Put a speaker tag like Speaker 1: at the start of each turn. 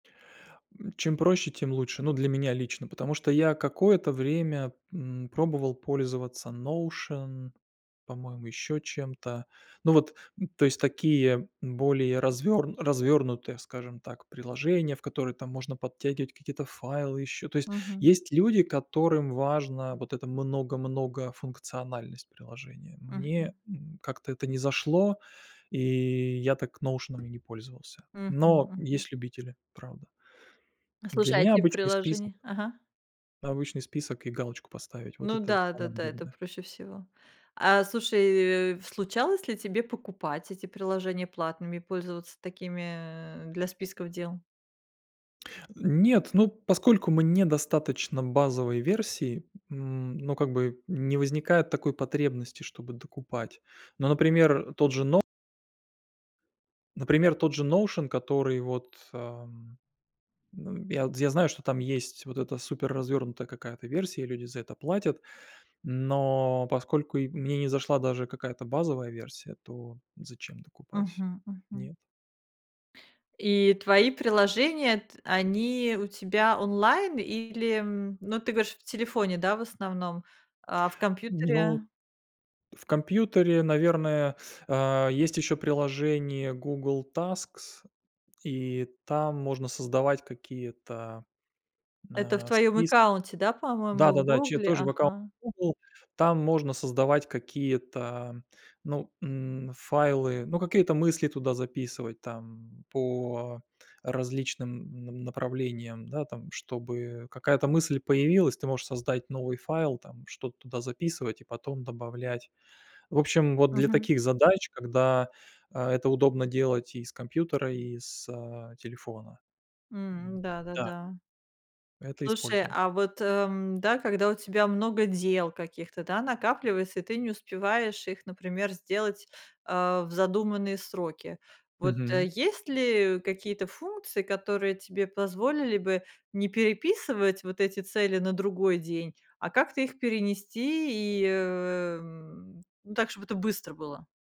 Speaker 1: М, чем проще, тем лучше. Ну, для меня лично. Потому что я какое-то время, м, пробовал пользоваться Notion, по-моему, ещё чем-то. Ну вот, то есть, такие более развёр развёрнутые, скажем так, приложения, в которые там можно подтягивать какие-то файлы ещё. То есть
Speaker 2: Мгм.
Speaker 1: есть люди, которым важно вот эта много много функциональность приложения. Мне,
Speaker 2: Мгм.
Speaker 1: м, как-то это не зашло, и я так "Ноушеном" и не пользовался.
Speaker 2: Мгм,
Speaker 1: Но
Speaker 2: мгм.
Speaker 1: есть любители, правда.
Speaker 2: Ну,
Speaker 1: Для
Speaker 2: слушай, а
Speaker 1: меня
Speaker 2: этих
Speaker 1: обычный список
Speaker 2: приложений ага.
Speaker 1: обычный список и галочку поставить, вот
Speaker 2: Ну
Speaker 1: это
Speaker 2: да,
Speaker 1: самое
Speaker 2: да-да, это
Speaker 1: главное.
Speaker 2: проще всего. А слушай, э, случалось ли тебе покупать эти приложения платными и пользоваться такими для списков дел?
Speaker 1: Нет, ну, поскольку мне недостаточно базовой версии, м, ну, как бы не возникает такой потребности, чтобы докупать. Ну, например, э, тот же Но например, тот же Notion, который, вот, ам, ну, я вот, я знаю, что там есть вот эта суперразвернутая какая-то версия и люди за это платят. Но поскольку и мне не зашла даже какая-то базовая версия, то зачем докупать?
Speaker 2: Мгм, мгм.
Speaker 1: Нет.
Speaker 2: И твои приложения, т они у тебя онлайн или, м, ну, ты говоришь, в телефоне, да, в основном, а в
Speaker 1: Ну,
Speaker 2: компьютере?
Speaker 1: в компьютере, наверное, а, есть ещё приложение Google Tasks. И там можно создавать какие-то н
Speaker 2: Это в
Speaker 1: а
Speaker 2: твоём
Speaker 1: спис
Speaker 2: аккаунте, да, по-моему? В
Speaker 1: Да-да-да, чее
Speaker 2: "Гугле"?
Speaker 1: тоже в аккаунте
Speaker 2: Ага.
Speaker 1: "Гугл". Там можно создавать какие-то, ну, м, файлы, ну, какие-то мысли туда записывать там по различным на направлениям, да, там. Чтобы какая-то мысль появилась, ты можешь создать новый файл там, что-то туда записывать и потом добавлять. В общем, вот для
Speaker 2: Мгм.
Speaker 1: таких задач, когда, а, это удобно делать и с компьютера, и с, а, телефона.
Speaker 2: М-да, да,
Speaker 1: М-да.
Speaker 2: да.
Speaker 1: Это
Speaker 2: Слушай,
Speaker 1: использую.
Speaker 2: а вот, э, м, да, когда у тебя много дел каких-то, да, накапливается, и ты не успеваешь их, например, сделать, а, в задуманные сроки. Вот, э,
Speaker 1: Мгм.
Speaker 2: есть ли какие-то функции, которые тебе позволили бы не переписывать вот эти цели на другой день, а как-то их перенести и, э, м, ну, так, чтоб это быстро было?